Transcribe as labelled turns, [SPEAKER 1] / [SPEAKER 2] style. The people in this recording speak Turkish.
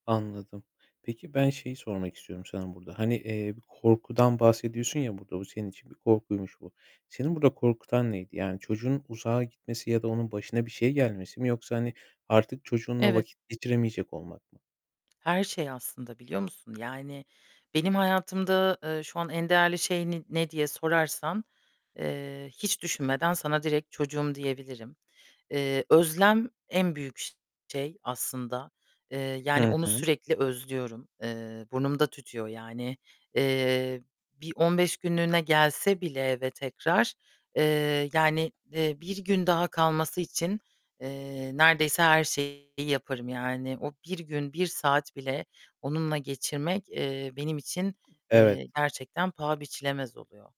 [SPEAKER 1] Anladım. Peki ben şeyi sormak istiyorum sana burada. Hani, eee, korkudan bahsediyorsun ya burada, bu senin için bir korkuymuş bu. Seni burada korkutan neydi? Yani çocuğunun uzağa gitmesi ya da onun başına bir şey gelmesi mi yoksa, hani, artık çocuğunla
[SPEAKER 2] Evet.
[SPEAKER 1] vakit geçiremeyecek olmak mı?
[SPEAKER 2] Her şey aslında, biliyor musun? Yani benim hayatımda, eee, şu an en değerli şey ne ne diye sorarsan, eee, hiç düşünmeden sana direkt çocuğum diyebilirim. Eee, özlem en büyük ş şey aslında. Eee, yani,
[SPEAKER 1] Hı
[SPEAKER 2] onu
[SPEAKER 1] hı.
[SPEAKER 2] sürekli özlüyorum. Eee, burnumda tütüyor yani, eee, bir 15 günlüğüne gelse bile eve tekrar, eee, yani, eee, 1 gün daha kalması için, eee, neredeyse her şeyi yaparım. Yani o, 1 gün, 1 saat bile onunla geçirmek, eee, benim için,
[SPEAKER 1] Evet.
[SPEAKER 2] eee, gerçekten paha biçilemez oluyor.